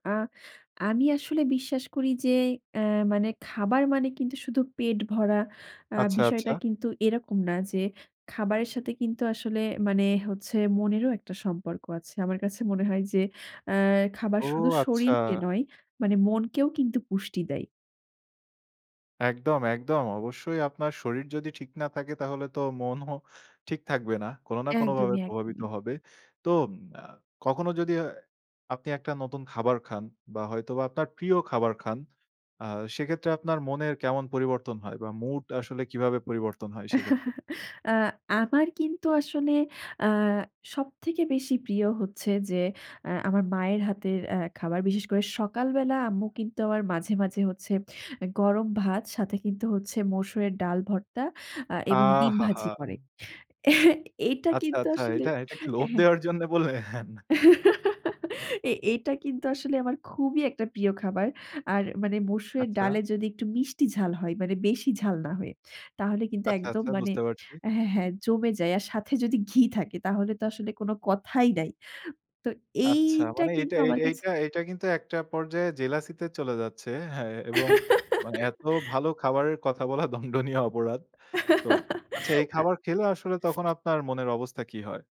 আ আমি আসলে বিশ্বাস করি যে, এ মানে খাবার মানে কিন্তু শুধু পেট ভরা আ আচ্ছা, বিষয়টা আচ্ছা। কিন্তু এরকম না যে, খাবারের সাথে কিন্তু আসলে মানে হচ্ছে, মনেরও একটা সম্পর্ক আছে। আমার কাছে মনে হয় যে, আ খাবার ও! শুধু আচ্ছা। শরীরকে নয়, মানে মনকেও কিন্তু পুষ্টি দেয়। একদম, একদম। অবশ্যই, আপনার শরীর যদি ঠিক না থাকে, তাহলে তো মনও ঠিক থাকবে না। কোনো না কোনো ভাবে একদমই, প্রভাবিত একদমই। হবে। তো আ কখনো যদি এ আপনি একটা নতুন খাবার খান বা হয়তোবা আপনার প্রিয় খাবার খান, আ সেক্ষেত্রে আপনার মনের কেমন পরিবর্তন হয় বা মুড আসলে কিভাবে পরিবর্তন হয় সেক্ষেত্রে? আ আমার কিন্তু আসলে আ সবথেকে বেশি প্রিয় হচ্ছে যে, আ আমার মায়ের হাতের আ খাবার। বিশেষ করে সকালবেলা আম্মু কিন্তু আমার মাঝে, মাঝে হচ্ছে গরম ভাত সাথে কিন্তু হচ্ছে, মসুরের ডাল ভর্তা, আ এবং ডিম ভাজি করে। আহাহা! এটা আচ্ছা, কিন্তু আচ্ছা। আসলে এটা এটা কি অ্যা লোভ হ্যা। দেওয়ার জন্যে বললেন? এ এটা কিন্তু আসলে আমার খুবই একটা প্রিয় খাবার। আর মানে মসুরের আচ্ছা। ডালে যদি একটু মিষ্টি ঝাল হয়, মানে বেশি ঝাল না হয়ে। তাহলে কিন্তু আচ্ছা, একদম আচ্ছা মানে বুঝতে পারছি। হ্যা, হ্যা, জমে যায়। আর সাথে যদি ঘি থাকে, তাহলে তো আসলে কোনো কথাই নাই। তো আচ্ছা, এইটা মানে এইটা, কিন্তু আমার কাছে এইটা, এইটা কিন্তু একটা পর্যায়ে জেলাসি তে চলে যাচ্ছে। হ্যা, এবং মানে এত ভালো খাবারের কথা বলা দন্ডনীয় অপরাধ। তো আচ্ছা এই আ খাবার খেলে, আসলে তখন আপনার মনের অবস্থা কী হয়?